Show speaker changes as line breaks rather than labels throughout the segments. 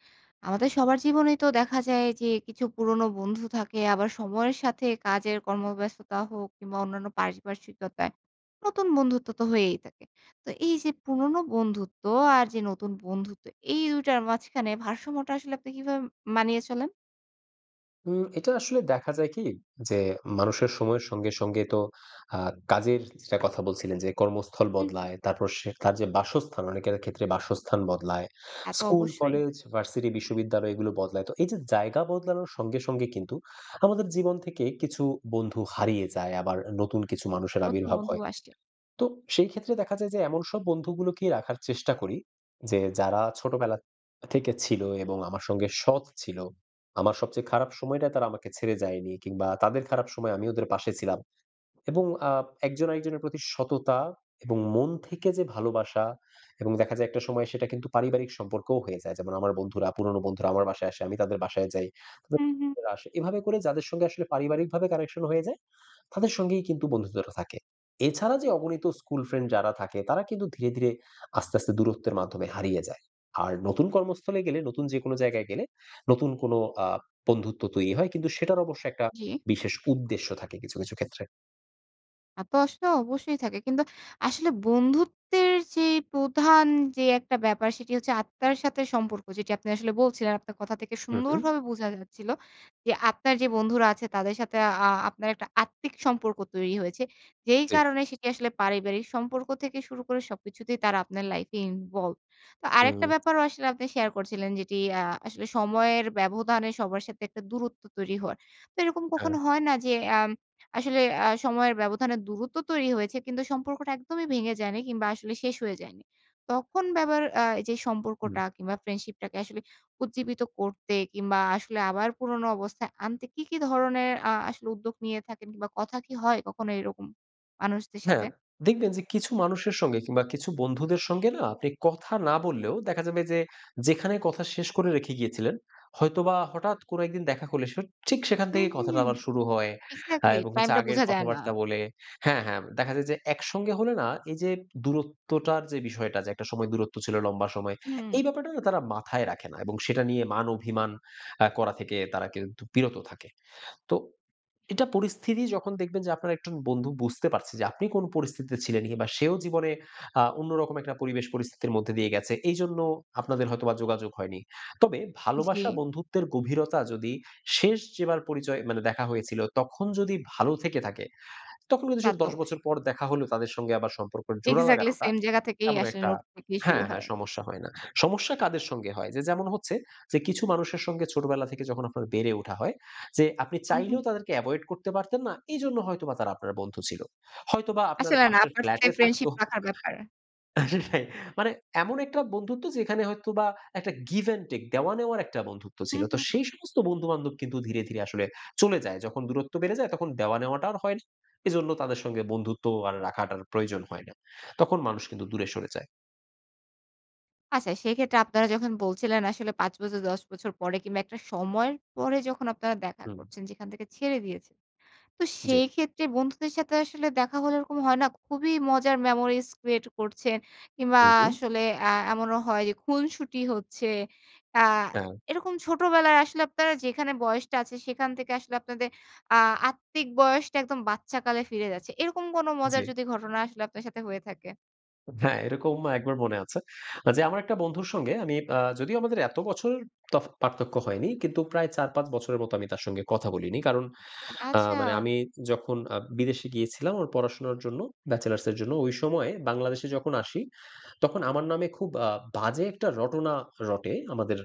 আমাদের সবার জীবনেই তো দেখা যায় যে কিছু পুরনো বন্ধু থাকে। আবার সময়ের সাথে কাজের কর্মব্যস্ততা হোক কিংবা অন্যান্য পারিপার্শ্বিকতায় নতুন বন্ধুত্ব তো হয়েই থাকে। তো এই যে পুরনো বন্ধুত্ব আর যে নতুন বন্ধুত্ব এই দুইটার মাঝখানে ভারসাম্যটা আসলে আপনি কিভাবে মানিয়ে চলেন?
উম এটা আসলে দেখা যায় কি যে মানুষের সময়ের সঙ্গে সঙ্গে তো আ কাজের যেটার কথা বলছিলেন যে কর্মস্থল
হু, হু।
বদলায়, তারপর সে কাজে বাসস্থান অনেকের ক্ষেত্রে বাসস্থান বদলায়।
তা তো
স্কুল,
অবশ্যই।
কলেজ, ভার্সিটি, বিশ্ববিদ্যালয় এগুলো বদলায়। তো এই যে জায়গা বদলানোর সঙ্গে সঙ্গে কিন্তু আমাদের জীবন থেকে কিছু বন্ধু হারিয়ে যায় আবার নতুন কিছু মানুষের
নতুন
আবির্ভাব
বন্ধু
হয়।
আসছে।
তো সেই ক্ষেত্রে দেখা যায় যে এমন সব বন্ধুগুলোকে রাখার চেষ্টা করি, যে যারা ছোটবেলা থ থেকে ছিল এবং আমার সঙ্গে সৎ ছিল। আমার সবচেয়ে খারাপ সময়টা তারা আমাকে ছেড়ে যায়নি, কিংবা তাদের খারাপ সময়ে আমি ওদের পাশে ছিলাম। এবং আ একজন আরেকজনের প্রতি সততা এবং মন থেকে যে ভালোবাসা এবং দেখা যায় একটা সময় সেটা কিন্তু পারিবারিক সম্পর্কও হয়ে যায়। যেমন আমার বন্ধুরা, পুরনো বন্ধুরা আমার বাসায় আসে, আমি তাদের বাসায় যাই [unintelligible]
হু, হু।
আসে। এভাবে করে যাদের সঙ্গে আসলে পারিবারিকভাবে connection হয়ে যায়, তাদের সঙ্গেই কিন্তু বন্ধুত্বটা থাকে। এছাড়া যে অগণিত স্কুল ফ্রেন্ড যারা থাকে তারা কিন্তু ধীরে, ধীরে আস্তে, আস্তে দূরত্বের মাধ্যমে হারিয়ে যায়। আর নতুন কর্মস্থলে গেলে নতুন যেকোনো জায়গায় গেলে নতুন কোনো আ বন্ধুত্ব তৈরি হয়। কিন্তু সেটার অবশ্য একটা
জি।
বিশেষ উদ্দেশ্য থাকে কিছু, কিছু ক্ষেত্রে।
তা তো আসলে অবশ্যই থাকে। কিন্তু আসলে বন্ধুত্বের যে প্রধান যে একটা ব্যাপার সেটি হচ্ছে আত্মার সাথে সম্পর্ক। যেটি আপনি আসলে বলছিলেন। আপনার কথা থেকে
উম-হুম।
সুন্দরভাবে বোঝা যাচ্ছিল। যে আত্মার যে বন্ধুরা আছে তাদের সাথে আ আপনার একটা আত্মিক সম্পর্ক তৈরি হয়েছে। যেই
জি।
কারণে সেটি আসলে পারিবারিক সম্পর্ক থেকে শুরু করে সবকিছুতেই তারা আপনার লাইফ এ involved তো আরেকটা
উম।
ব্যাপারও আসলে আপনি শেয়ার করছিলেন যেটি আ আসলে সময়ের ব্যবধানে সবার সাথে একটা দূরত্ব তৈরি হওয়ার। তো এরকম
হ্যাঁ।
কখনো হয় না? যে আম আসলে আ সময়ের ব্যবধানে দূরত্ব তৈরি হয়েছে, কিন্তু সম্পর্কটা একদমই ভেঙে যায়নি কিংবা আসলে শেষ হয়ে যায়নি। তখন আবার যে
হুম।
সম্পর্কটা কিংবা ফ্রেন্ডশিপটাকে আসলে উজ্জীবিত করতে কিংবা আসলে আবার পুরোনো অবস্থায় আনতে কি, কি ধরনের আ আসলে উদ্যোগ নিয়ে থাকেন? কিংবা কথা কি হয় কখনো এরকম মানুষদের সাথে?
হ্যাঁ। দেখবেন যে কিছু মানুষের সঙ্গে কিংবা কিছু বন্ধুদের সঙ্গে না আপনি কথা না বললেও দেখা যাবে যে যেখানে কথা শেষ করে রেখে গিয়েছিলেন, হয়তোবা হঠাৎ কোনো একদিন দেখা করলে ঠিক সেখান
হুম,
থেকেই কথাটা
হুম।
আবার শুরু হয়।
একজ্যাক্টলি,
এবং হচ্ছে
টাইমটা
আগের
বোঝা যায় না।
কথাবার্তা বলে হ্যাঁ, হ্যাঁ দেখা যায় যে একসঙ্গে হলে না এই যে দূরত্বটার যে বিষয়টা যে একটা সময় দূরত্ব ছিল লম্বা সময়,
হুম।
এই ব্যাপারটা তারা মাথায় রাখে না এবং সেটা নিয়ে মান-অভিমান আ করা থেকে তারা কিন্তু বিরত থাকে। তো, এটা পরিস্থিতি যখন দেখবেন যে আপনার একজন বন্ধু বুঝতে পারছে যে আপনি কোন পরিস্থিতিতে ছিলেন বা সেও জীবনে আ অন্যরকম একটা পরিবেশ পরিস্থিতির মধ্যে দিয়ে গেছে। এইজন্য আপনাদের হয়তোবা যোগাযোগ হয়নি। তবে ভালোবাসা
জি।
বন্ধুত্বের গভীরতা যদি শেষ যেবার পরিচয় মানে দেখা হয়েছিল তখন যদি ভালো থেকে থাকে, তখন কিন্তু
তা
সেটা
তো
১০
অবশ্যই।
বছর পর দেখা হলো তাদের সঙ্গে আবার সম্পর্ক জোড়া
একজ্যাক্টলি
লাগানোটা
সেম জায়গা থেকেই
এমন
আসলে
একটা
নোট থেকেই শুরু
হ্যাঁ, হ্যাঁ
হয়।
সমস্যা হয় না। সমস্যা কাদের সঙ্গে হয়? যে যেমন হচ্ছে যে কিছু মানুষের সঙ্গে ছোটবেলা থেকে যখন আপনার বেড়ে ওঠা হয়, যে আপনি
উম-হুম।
চাইলেও তাদেরকে এভয়েড করতে পারতেন না এইজন্য হয়তো বা তারা আপনার বন্ধু ছিল। হয়তোবা আপনার
আসলে না
পাশের ফ্ল্যাট
পারতে
এ থাকতো
ফ্রেন্ডশিপ রাখার ব্যাপার।
রাইট মানে এমন একটা বন্ধুত্ব যেখানে হয়তোবা একটা give and take দেওয়া-নেওয়ার একটা বন্ধুত্ব ছিল।
হুম,
তো
হুম।
সেই সমস্ত বন্ধু-বান্ধব কিন্তু ধীরে, ধীরে আসলে চলে যায়। যখন দূরত্ব বেড়ে যায় তখন দেওয়া-নেওয়াটা আর হয় না। এজন্য তাদের সঙ্গে বন্ধুত্ব আর রাখাটার প্রয়োজন হয় না। তখন মানুষ কিন্তু দূরে সরে যায়।
আচ্ছা। সেইক্ষেত্রে আপনারা যখন বলছিলেন আসলে ৫ বছর ১০ বছর পরে কিংবা একটা সময়ের পরে যখন আপনারা দেখা
হুম।
করছেন যেখান থেকে ছেড়ে দিয়েছেন। তো
জি।
সেইক্ষেত্রে বন্ধুদের সাথে আসলে দেখা হলে এরকম হয় না, খুবই মজার memories create করছেন। কিংবা
হু, হু।
আসলে এ এমনও হয় যে খুনশুটি হচ্ছে। আ
হ্যাঁ।
এইরকম ছোটবেলায় আসলে আপনারা যেখানে বয়সটা আছে, সেখান থেকে আসলে আপনাদের আ আত্মিক বয়সটা একদম বাচ্চাকালে ফিরে যাচ্ছে। এরকম কোনো মজার
জি।
যদি ঘটনা আসলে আপনার সাথে হয়ে থাকে?
হ্যাঁ, এইরকম একবার মনে আছে আ যে আমার একটা বন্ধুর সঙ্গে আমি আ যদিও আমাদের এত বছর ত পার্থক্য হয়নি। কিন্তু প্রায় ৪ ৫ বছরের মতো আমি তার সঙ্গে কথা বলিনি। কারণ, আ মানে
আচ্ছা।
আমি যখন আ বিদেশে গিয়েছিলাম আমার পড়াশোনার জন্য, ব্যাচেলার্সের জন্য। ওই সময়ে বাংলাদেশে যখন আসি তখন আমার নামে খুব আ বাজে একটা রটনা রটে আমাদের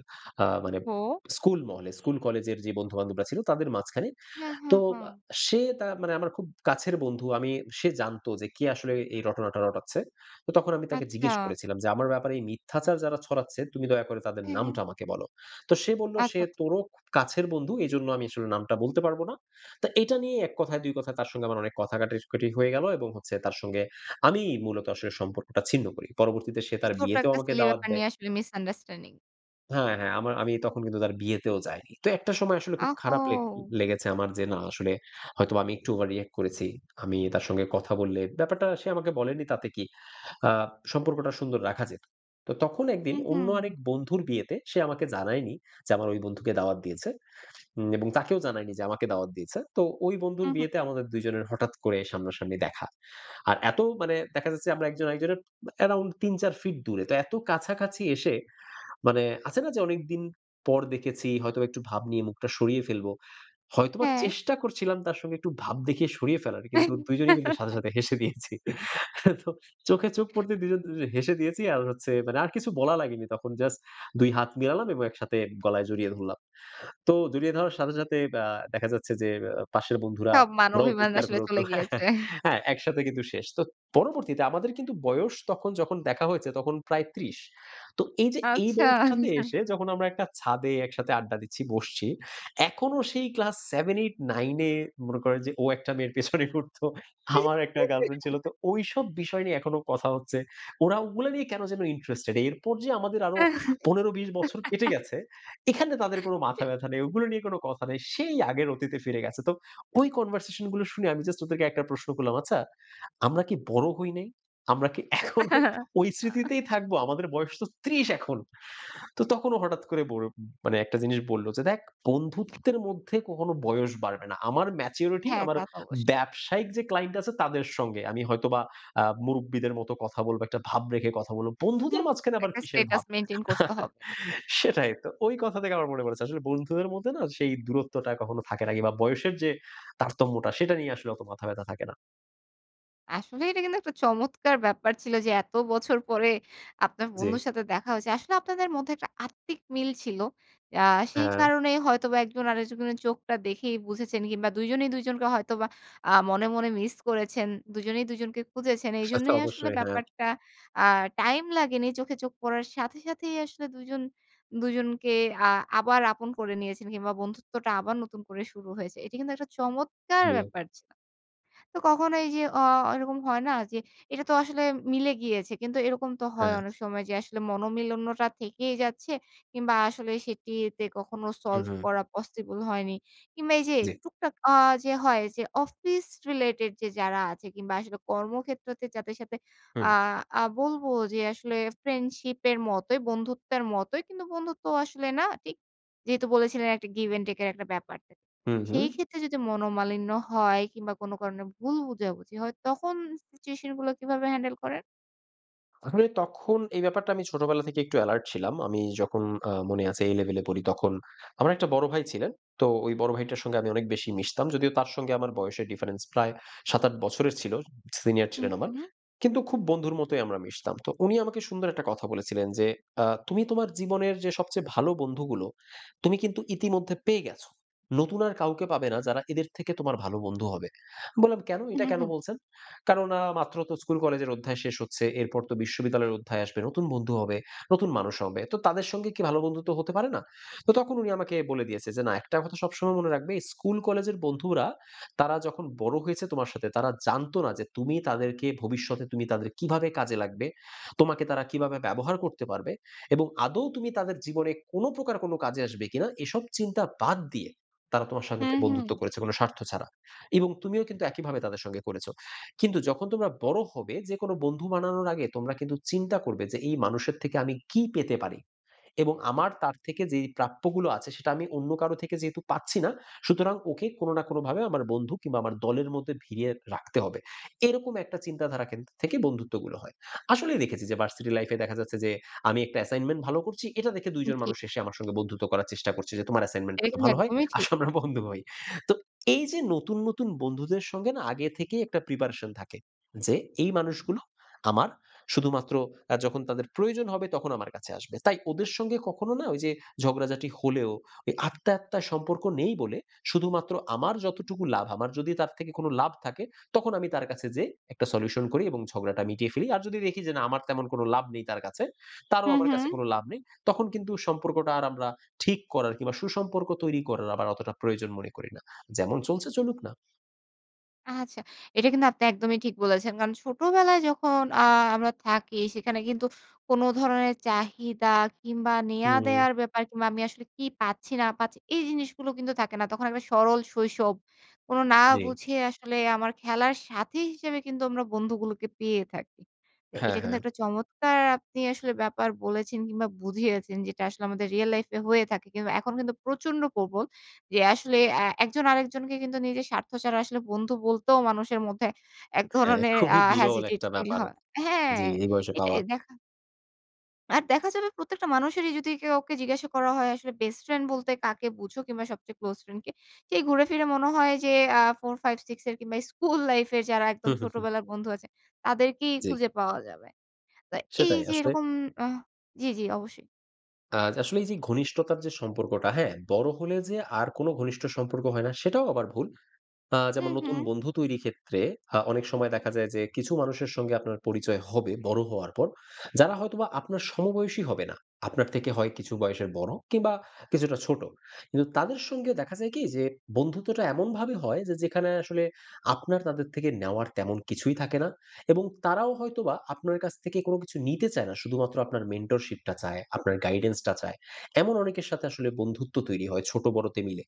আ মানে
ওহ-হো।
স্কুল মহলে। স্কুল-কলেজের যে বন্ধু-বান্ধবরা ছিল তাদের মাঝখানে।
হু, হু,
তো
হু।
সে তা মানে আমার খুব কাছের বন্ধু। আমি সে জানতো যে কে আসলে এ এই রটনাটা রটাচ্ছে। তো তখন আমি তাকে জিজ্ঞেস
আচ্ছা।
করেছিলাম যে, "আমার ব্যাপারে এই মিথ্যাচার যারা ছড়াচ্ছে তুমি দয়া করে তাদের
হ্যাঁ, হ্যাঁ।
নামটা আমাকে বলো।" তো সে বলল,
আচ্ছা,
"সে
আচ্ছা।
তোরও খুব কাছের বন্ধু। এইজন্য আমি আসলে নামটা বলতে পারবো না।" তা এইটা নিয়ে এক কথায় দুই কথায় তার সঙ্গে আমার অনেক কথা কাটাকাটি হয়ে গেল এবং হচ্ছে তার সঙ্গে আমিই মূলত আসলে সম্পর্কটা ছিন্ন করি। পরবর্তীতে সে
এই
তার
ছোট
বিয়েতেও
একটা
আমাকে
silly
দাওয়াত
ব্যাপার
দেয়।
নিয়ে আসলে misunderstanding।
হ্যাঁ, হ্যাঁ আমার আমি তখন কিন্তু তার বিয়েতেও যাইনি। তো একটা সময় আসলে খুব
আহ
খারাপ লে
ও!
লেগেছে আমার যে না আসলে, হয়তোবা আমি একটু ওভার-রিঅ্যাক্ট করেছি। আমি তার সঙ্গে কথা বললে ব্যাপারটা সে আমাকে বলেনি তাতে কি আ সম্পর্কটা সুন্দর রাখা যেত। তো তখন একদিন
হুম,
অন্য
হুম।
আরেক বন্ধুর বিয়েতে, সে আমাকে জানায়নি, যে আমার ওই বন্ধুকে দাওয়াত দিয়েছে। উম এবং তাকেও জানায়নি যে আমাকে দাওয়াত দিয়েছে। তো ওই বন্ধুর
হু, হু।
বিয়েতে আমাদের ২ জনের হঠাৎ করে সামনা-সামনি দেখা। আর এত মানে দেখা যাচ্ছে আমরা একজন আরেকজনের ব্যা অ্যারাউন্ড ৩-৪ ফিট দূরে। তো এত কাছাকাছি এসে, মানে আছে না যে অনেকদিন পর দেখেছি, হয়তোবা একটু ভাব নিয়ে মুখটা সরিয়ে ফেলব। হয়তোবা
হ্যাঁ।
চেষ্টা করছিলাম তার সঙ্গে একটু ভাব দেখিয়ে সরিয়ে ফেলার। কিন্তু ২ জনেই কিন্তু সাথে, সাথে হেসে দিয়েছি। তো চোখে চোখ পড়তে দুজন, দুজনে হেসে দিয়েছি। আর হচ্ছে মানে আর কিছু বলা লাগেনি তখন। জাস্ট ২ হাত মিলালাম এবং একসাথে গলায় জড়িয়ে ধরলাম। তো জড়িয়ে ধরার সাথে, সাথে ব্যা দেখা যাচ্ছে যে অ্যা পাশের বন্ধুরা,
সব মান
ওরাও
অভিমান
চিৎকার
আসলে
করে
চলে
উঠলো
গিয়েছে।
হ্যাঁ, একসাথে কিন্তু শেষ। তো পরবর্তীতে আমাদের কিন্তু বয়স তখন যখন দেখা হয়েছে তখন প্রায় ৩০। তো এই যে এই
আচ্ছা।
বয়সটাতে এসে যখন আমরা একটা ছাদে একসাথে আড্ডা দিচ্ছি, বসছি, এখনো সেই ক্লাস 7-8-9 এ মনে করেন যে ও একটা মেয়ের পেছনে ঘুরত, আমার একটা গার্লফ্রেন্ড ছিল। তো ওইসব বিষয় নিয়ে এখনো কথা হচ্ছে। ওরা ওগুলো নিয়ে কেন যেন ইন্টারেস্টেড এরপর যে আমাদের আরো ১৫-২০ বছর কেটে গেছে, এখানে তাদের কোনো
ঠিক।
মাথাব্যথা নেই। ওগুলো নিয়ে কোন কথা নেই। সেই আগের অতীতে ফিরে গেছে। তো ওই কনভারসেশন গুলো শুনে আমি জাস্ট ওদেরকে একটা প্রশ্ন করলাম, "আচ্ছা আমরা কি বড় হই নাই? আমরা কি এখনো ঐ স্মৃতিতেই থাকবো? আমাদের বয়স তো ৩০ এখন।" তো তখন ও হঠাৎ করে ব মানে একটা জিনিস বললো যে, "দেখ বন্ধুত্বের মধ্যে কখনো বয়স বাড়বে না। আমার ম্যাচুরিটি
হ্যাঁ
আমার
তা তো অবশ্যই।
ব্যবসায়িক যে ক্লায়েন্ট আছে তাদের সঙ্গে। আমি হয়তোবা আ মুরুব্বিদের মতো কথা বলব, একটা ভাব রেখে কথা বলব। বন্ধুদের
হুম,
মাঝখানে আবার
একটা
কিসের
স্ট্যাটাস
ভাব?"
মেইনটেইন করতে হবে।
সেটাই তো। ঐ কথা থেকে আমার মনে পড়েছে। আসলে বন্ধুদের মধ্যে না সেই দূরত্বটা কখনো থাকে না কিংবা বয়সের যে, তারতম্যটা সেটা নিয়ে আসলে অত মাথা ব্যথা থাকে না।
আসলে এইটা কিন্তু একটা চমৎকার ব্যাপার ছিল। যে এত বছর পরে, আপনার বন্ধুর
যে।
সাথে দেখা হয়েছে। আসলে আপনাদের মধ্যে একটা আত্মিক মিল ছিল। আ সেই
হ্যাঁ।
কারণেই হয়তোবা একজন আরেকজনের চোখটা দেখেই বুঝেছেন কিংবা ২ জনেই ২ জনকে হয়তোবা আ মনে, মনে মিস করেছেন। ২ জনেই ২ জনকে খুঁজেছেন।
সে তো
এজন্যই আসলে
অবশ্যই। হ্যাঁ।
ব্যাপারটা আ টাইম লাগেনি। চোখে চোখ পড়ার সাথে সাথেই আসলে ২ জন ২ জনকে আ আবার আপন করে নিয়েছেন কিংবা বন্ধুত্বটা আবার নতুন করে শুরু হয়েছে। এটি কিন্তু একটা চমৎকার
জি।
ব্যাপার ছিল। তো কখনো এই যে অ এরকম হয় না যে, এটা তো আসলে মিলে গিয়েছে। কিন্তু এরকম তো হয়
হ্যাঁ।
অনেক সময় যে আসলে মনোমালিন্য টা থেকেই যাচ্ছে, কিংবা আসলে সেটিতে কখনো সলভ
উম-হুম।
করা পসিবল হয়নি। কিংবা এই যে
জি।
টুকটাক আ যে হয় যে অফিস related যে যারা আছে কিংবা আসলে কর্মক্ষেত্রতে যাদের সাথে আ
হুম।
আ বলব যে আসলে ফ্রেন্ডশিপের মতোই, বন্ধুত্বের মতোই, কিন্তু বন্ধুত্ব আসলে না ঠিক। যেহেতু বলেছিলেন একটা give and take এর একটা ব্যাপার।
হুম, হুম।
সেই ক্ষেত্রে যদি মনোমালিন্য হয়, কিংবা কোন কারণে ভুল বুঝাবুঝি হয় তখন সিচুয়েশন গুলো কিভাবে handle করেন?
আসলে তখন এই ব্যাপারটা আমি ছোটবেলা থেকে একটু এলার্ট ছিলাম। আমি যখন আ মনে আছে এই লেভেলে পড়ি তখন। আমার একটা বড় ভাই ছিলেন। তো ওই বড় ভাইটার সঙ্গে আমি অনেক বেশি মিশতাম। যদিও তার সঙ্গে আমার বয়সের difference প্রায় ৭, ৮ বছরের ছিল। সিনিয়র
হু,
ছিলেন আমার,
হু।
কিন্তু খুব বন্ধুর মতোই আমরা মিশতাম। তো উনি আমাকে সুন্দর একটা কথা বলেছিলেন যে আ "তুমি তোমার জীবনের যে সবচেয়ে ভালো বন্ধুগুলো তুমি কিন্তু ইতিমধ্যে পেয়ে গেছ। নতুন আর কাউকে পাবে না যারা এদের থেকে তোমার ভালো বন্ধু হবে।" বললাম "কেন?
হুঁ,
এইটা কেন
হুঁ।
বলছেন?" কেননা মাত্র তো স্কুল কলেজের অধ্যায় শেষ হচ্ছে। এরপর তো বিশ্ববিদ্যালয়ের অধ্যায় আসবে। নতুন বন্ধু হবে, নতুন মানুষ হবে। তো তাদের সঙ্গে কি ভালো বন্ধুত্ব হতে পারে না? তো তখন উনি আমাকে বলে দিয়েছে যে "না একটা কথা সবসময় মনে রাখবে স্কুল কলেজের বন্ধুরা, তারা যখন বড় হয়েছে তোমার সাথে, তারা জানতো না যে তুমি তাদেরকে ভবিষ্যতে তুমি তাদের কীভাবে কাজে লাগবে? তোমাকে তারা কীভাবে ব্যবহার করতে পারবে? এবং আদৌ তুমি তাদের জীবনে কোন প্রকার কোনো কাজে আসবে কিনা, এসব চিন্তা বাদ দিয়ে তারা তোমার সংগে
হু,
বন্ধুত্ব
হু।
করেছে কোন স্বার্থ ছাড়া। এবং তুমিও কিন্তু একইভাবে তাদের সঙ্গে করেছ। কিন্তু যখন তোমরা বড় হবে যে কোনো বন্ধু বানানোর আগে তোমরা কিন্তু চিন্তা করবে। যে এই মানুষের থেকে আমি কী পেতে পারি? এবং আমার তার থেকে যেই প্রাপ্যগুলো আছে সেটা আমি অন্য কারো থেকে যেহেতু পাচ্ছি না। সুতরাং ওকে কোনো না কোনো ভাবে আমার বন্ধু কিংবা আমার দলের মধ্যে ভিড়িয়ে রাখতে হবে।" এইরকম একটা চিন্তাধারা কেন্দ্রিক থেকে বন্ধুত্বগুলো হয়। আসলেই দেখেছি যে ভার্সিটি লাইফ এ দেখা যাচ্ছে যে, আমি একটা assignment ভালো করছি এটা দেখে ২ জন
জি।
মানুষ এসে আমার সঙ্গে বন্ধুত্ব করার চেষ্টা করছে, যে "তোমার assignment
এইটা
টা তো
কিন্তু
ভালো হয়?
একদমই ঠিক।
আসো আমরা বন্ধু হই।" তো এই যে নতুন নতুন বন্ধুদের সঙ্গে না আগে থেকেই একটা preparation থাকে। যে এই মানুষগুলো আমার শুধুমাত্র আ যখন তাদের প্রয়োজন হবে তখন আমার কাছে আসবে। তাই ওদের সঙ্গে কখনো না ওই যে, ঝগড়াঝাটি হলেও ওই আত্মায়-আত্মায় সম্পর্ক নেই বলে শুধুমাত্র আমার যতটুকু লাভ আমার যদি তার থেকে কোন লাভ থাকে তখন আমি তার কাছে যেয়ে একটা solution করি এবং ঝগড়াটা মিটিয়ে ফেলি। আর যদি দেখি যে না আমার তেমন কোনো লাভ নেই তার কাছে তারও
হু,
আমার কাছে
হু।
কোনো লাভ নেই। তখন কিন্তু সম্পর্কটা আর আমরা ঠিক করার কিংবা সুসম্পর্ক তৈরি করার আবার অতটা প্রয়োজন মনে করি না। যেমন চলছে চলুক না।
আচ্ছা। এটা কিন্তু আপনি একদমই ঠিক বলেছেন। কারণ ছোটবেলায় যখন আ আমরা থাকি সেখানে কিন্তু কোন ধরণের চাহিদা কিংবা নেয়া
হুম।
দেওয়ার ব্যাপার কিংবা আমি আসলে কি পাচ্ছি? না পাচ্ছি? এই জিনিসগুলো কিন্তু থাকে না। তখন একটা সরল শৈশব। কোনো না
জি।
বুঝে আসলে আমার খেলার সাথী হিসেবে কিন্তু আমরা বন্ধুগুলোকে পেয়ে থাকি। তো
হ্যাঁ,
এটা কিন্তু
হ্যাঁ।
একটা চমৎকার আপনি আসলে ব্যাপার বলেছেন কিংবা বুঝিয়েছেন যেটা আসলে আমাদের রিয়েল লাইফে হয়ে থাকে। কিংবা এখন কিন্তু প্রচন্ড প্রবল, যে আসলে অ্যা ১ জন আরেকজনকে কিন্তু নিজের স্বার্থ ছাড়া আসলে বন্ধু বলতেও মানুষের মধ্যে এক
হ্যাঁ
ধরনের আ
খুবই বিরল
hesitate
একটা
feel
ব্যাপার।
হয়। হ্যাঁ
জি, এই বয়সে
এটাই
পাওয়া।
দেখা আর দেখা যাবে প্রত্যেকটা মানুষেরই যদি কেউকে জিজ্ঞাসা করা হয় "আসলে বেস্ট ফ্রেন্ড বলতে কাকে বুঝো? কিংবা সবচেয়ে ক্লোজ ফ্রেন্ড কে?" সেই ঘুরে ফিরে মনে হয় যে আ 4 5 6 এর কিংবা স্কুল লাইফ এর যারা একদম
হুম, হুম, হুম।
ছোটবেলার বন্ধু আছেন, তাদেরকেই
জি।
খুঁজে পাওয়া যাবে। তো এই
সেটাই
যে
আসলে।
এরকম আহ জি, জি অবশ্যই।
আ আসলে এই যে ঘনিষ্ঠতার যে সম্পর্কটা হ্যাঁ? বড় হলে যে আর কোন ঘনিষ্ঠ সম্পর্ক হয় না সেটাও আবার ভুল। আ যেমন নতুন
উম-হুম।
বন্ধু তৈরির ক্ষেত্রে আ অনেক সময় দেখা যায় যে কিছু মানুষের সঙ্গে আপনার পরিচয় হবে বড়ো হওয়ার পর যারা হয়তোবা আপনার সমবয়সী হবে না। আপনার থেকে হয় কিছু বয়সের বড়ো, কিংবা কিছুটা ছোট। কিন্তু তাদের সঙ্গে দেখা যায় কি? যে বন্ধুত্বটা এমনভাবে হয় যে যেখানে আসলে আপনার তাদের থেকে নেওয়ার তেমন কিছুই থাকে না। এবং তারাও হয়তোবা আপনার কাছ থেকে কোনো কিছু নিতে চায় না। শুধুমাত্র আপনার mentorship চায়, আপনার guidance -টা চায়। এমন অনেকের সাথে আসলে বন্ধুত্ব তৈরি হয় ছোট বড়তে মিলে।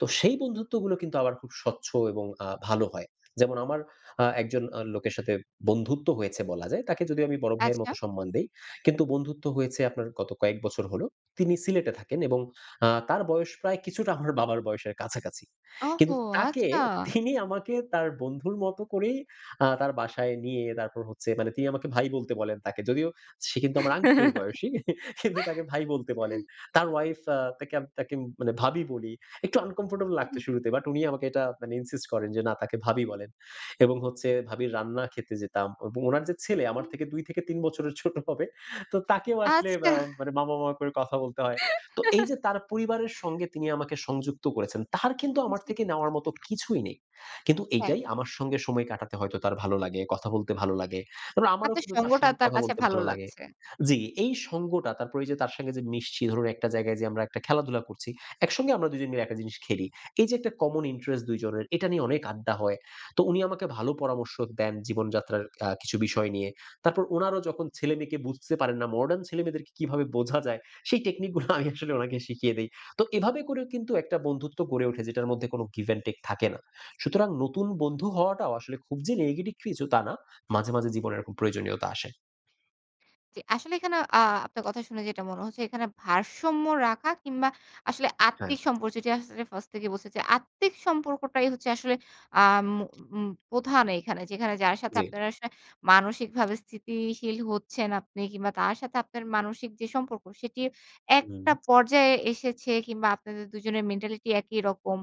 তো সেই বন্ধুত্বগুলো কিন্তু আবার খুব স্বচ্ছ এবং আ ভালো হয়। যেমন আমার আ একজন আ লোকের সাথে বন্ধুত্ব হয়েছে বলা যায়। তাকে যদিও আমি বড় ভাইয়ের মতো
আচ্ছা।
সম্মান দেই। কিন্তু বন্ধুত্ব হয়েছে আপনার গত কয়েক বছর হলো। তিনি সিলেটে থাকেন এবং আ তার বয়স প্রায় কিছুটা আমার বাবার বয়সের কাছাকাছি। কিন্তু
ওহহো
তাকে
আচ্ছা।
তিনি আমাকে তার বন্ধুর মত করেই আ তার বাসায় নিয়ে তারপর হচ্ছে মানে তিনি আমাকে ভাই বলতে বলেন তাকে। যদিও সে কিন্তু আমার আংকেলের বয়সী। কিন্তু তাকে ভাই বলতে বলেন। তার ওয়াইফ আ তাকে তাকে মানে ভাবি বলি। একটু আনকমফর্টেবল লাগত
উম-হুম।
শুরুতে বাট উনি আমাকে এটা মানে insist করেন যে, না তাকে ভাবি বলেন। এবং হচ্ছে ভাবীর রান্না খেতে যেতাম। এবং উনার যে ছেলে আমার
হুম।
থেকে ২ থেকে ৩ বছরের ছোট হবে। তো তাকেও আসলে
আচ্ছা।
আম মামা, মামা করে কথা বলতে হয়। তো এই যে তার পরিবারের সঙ্গে তিনি আমাকে সংযুক্ত করেছেন। তার কিন্তু আমার
জি।
থেকে নেওয়ার মতো কিছুই নেই। কিন্তু
হ্যাঁ।
এইটাই আমার সঙ্গে সময় কাটাতে হয়তো তার ভালো লাগে, কথা বলতে ভালো লাগে। এবং আমারও
আপনার
কিন্তু তার
সঙ্গটা
সঙ্গে
তার
কথা
কাছে
বলতে
ভালো
ভালো লাগে।
লাগছে।
জি, এই সঙ্গটা তারপর এইযে তার সঙ্গে যে মিশছি ধরুন একটা জায়গায় যেয়ে আমরা একটা খেলাধুলা করছি। একসঙ্গে আমরা ২ জন মিলে একটা জিনিস খেলি। এই যে একটা common interest ২ জনের এটা নিয়ে অনেক আড্ডা হয়। তো উনি আমাকে ভালো পরামর্শ দেন। জীবনযাত্রার আ কিছু বিষয় নিয়ে। তারপর ওনারাও যখন ছেলেমেয়েকে বুঝতে পারেন না, modern ছেলেমেয়েদেরকে কিভাবে বোঝা যায়? সেই technique -গুলো আমি আসলে ওনাকে শিখিয়ে দেই। তো এভাবে করেও কিন্তু একটা বন্ধুত্ব গড়ে ওঠে যেটার মধ্যে কোন give and take থাকে না। সুতরাং নতুন বন্ধু হওয়াটাও আসলে খুব যে negative কিছু তা না। মাঝে মাঝে জীবনে এরকম প্রয়োজনীয়তা আসে।
জি, আসলে এইখানে আ আপনার কথা শুনে যেটা মনে হচ্ছে, এখানে ভারসাম্য রাখা কিংবা আসলে
হ্যাঁ।
আত্মিক সম্পর্ক যেটি আছে সেটা ফার্স্ট থেকেই বলছে যে আত্মিক সম্পর্কটাই হচ্ছে আসলে আম উ উম প্রধান এইখানে যেখানে যার সাথে
জি।
আপনার আশায় মানসিকভাবে স্থিতি শীল হচ্ছেন আপনি কিংবা তার সাথে আপনার মানসিক যে সম্পর্ক সেটি, একটা
উম।
পর্যায়ে এসেছে কিংবা আপনাদের দুজনের মেন্টালিটি একই রকম।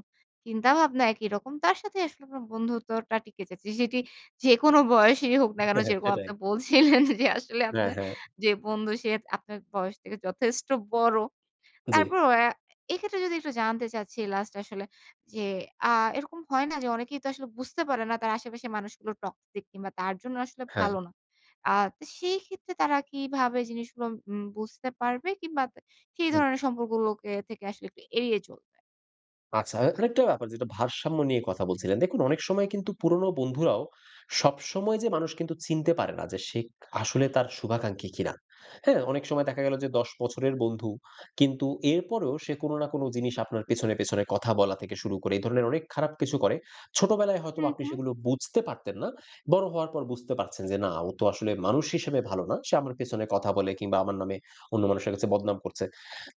চিন্তা-ভাবনা একই রকম। তার সাথেই আসলে আপনার বন্ধুত্বটা টিকে যাচ্ছে। সেটি যেকোনো বয়সেরই হোক না কেন, যেরকম
সেটাই।
আপনি বলছিলেন যে আসলে
হ্যাঁ,
আপনার
হ্যাঁ।
যে বন্ধু সে আপনার বয়স থেকে যথেষ্ট বড়।
জি।
তারপরও আ এক্ষেত্রে যদি একটু জানতে চাচ্ছি লাস্ট আসলে যে আ এরকম হয় না, যে অনেকেই তো আসলে বুঝতে পারেনা তার আশেপাশে মানুষগুলো toxic কিংবা তার জন্য আসলে
হ্যাঁ।
ভালো না। আ তা সেইক্ষেত্রে তারা কিভাবে জিনিসগুলো উম বুঝতে পারবে? কিংবা তা সেই
হুম।
ধরনের সম্পর্কগুলোকে থেকে আসলে একটু এড়িয়ে চলবে?
আচ্ছা এখানে একটা ব্যাপার যেটা ভারসাম্য নিয়ে কথা বলছিলেন দেখুন অনেক সময় কিন্তু পুরনো বন্ধুরাও, সবসময় যে মানুষ কিন্তু চিনতে পারে না যে সে খা আসলে তার শুভাকাঙ্ক্ষী কিনা। হ্যাঁ? অনেক সময় দেখা গেলো যে ১০ বছরের বন্ধু কিন্তু এরপরেও সে কোনো না কোনো জিনিস আপনার পেছনে, পেছনে কথা বলা থেকে শুরু করে। এইধরনের অনেক খারাপ কিছু করে। ছোটবেলায় হয়তোবা
হুম,
আপনি
হুম।
সেগুলো বুঝতে পারতেন না। বড় হওয়ার পর বুঝতে পারছেন যে না, ও তো আসলে মানুষ হিসেবে ভালোনা। সে আমার পেছনে কথা বলে কিংবা আমার নামে অন্য মানুষের কাছে বদনাম করছে।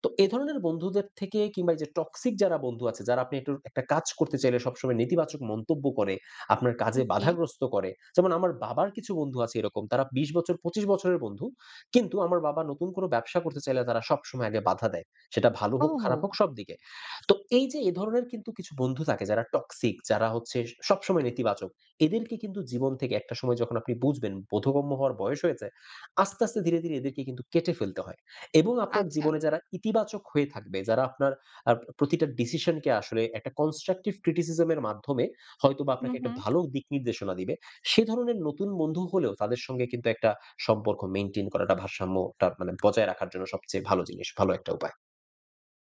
তো এধরনের বন্ধুদের থেকে, কিংবা ঐযে toxic যারা বন্ধু আছে। যারা আপনি একটু একটা কাজ করতে চাইলে সবসময় নেতিবাচক মন্তব্য করে, আপনার কাজে
হুম। জি।
বাধাগ্রস্ত করে। যেমন আমার বাবার কিছু বন্ধু আছে এরকম। তারা ২০ বছর, ২৫ বছরের বন্ধু। কিন্তু আমার বাবা নতুন কোনো ব্যবসা করতে চাইলে তারা সবসময় আগে বাধা দেয়। সেটা ভালো হোক, খারাপ হোক
ওহো!
সব দিকে। তো এইযে এ ধরনের কিন্তু কিছু বন্ধু থাকে যারা toxic যারা হচ্ছে সবসময় নেতিবাচক। এদেরকে কিন্তু জীবন থেকে একটা সময় যখন আপনি বুঝবেন, বোধগম্য হওয়ার বয়স হয়েছে। আস্তে, আস্তে ধীরে, ধীরে এদেরকে কিন্তু কেটে ফেলতে হয়। এবং আপনার
আচ্ছা।
জীবনে যারা ইতিবাচক হয়ে থাকবে, যারা আপনার আপ প্রতিটা ডিসিশনকে আসলে একটা constructive criticism এর মাধ্যমে হয়তোবা আপনাকে ১ টা
উম-হুম।
ভালো দিক নির্দেশনা দিবে। সে ধরনের নতুন বন্ধু হলেও তাদের সঙ্গে কিন্তু একটা সম্পর্ক mantain করাটা ভারসাম্য টা মানে বজায় রাখার জন্য সবচেয়ে ভালো জিনিস, ভালো একটা উপায়।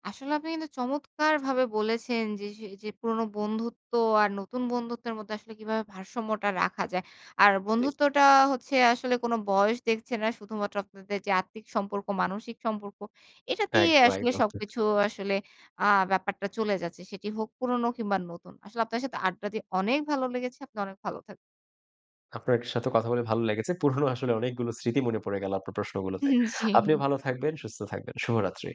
আসলে আপনি কিন্তু চমৎকারভাবে বলেছেন যে সেই যে পুরোনো বন্ধুত্ব আর নতুন বন্ধুত্বের মধ্যে আসলে কিভাবে ভারসাম্যটা রাখা যায়। আর
জি।
বন্ধুত্বটা হচ্ছে আসলে কোন বয়স দেখছে না। শুধুমাত্র আপনাদের যে আর্থিক সম্পর্ক, মানসিক সম্পর্ক এটাতেই
একদম
আসলে
একদম।
সবকিছু আসলে আ ব্যাপারটা চলে যাচ্ছে। সেটি হোক পুরনো কিংবা নতুন। আসলে আপনার সাথে আড্ডা দিয়ে অনেক ভালো লেগেছে। আপনি অনেক ভালো থাক
আপনার সাথে কথা বলে ভালো লেগেছে। পুরনো আসলে অনেকগুলো স্মৃতি মনে পড়ে গেল আপনার প্রশ্নগুলোতে।
হুম। জি।
আপনিও ভালো থাকবেন, সুস্থ থাকবেন। শুভরাত্রি।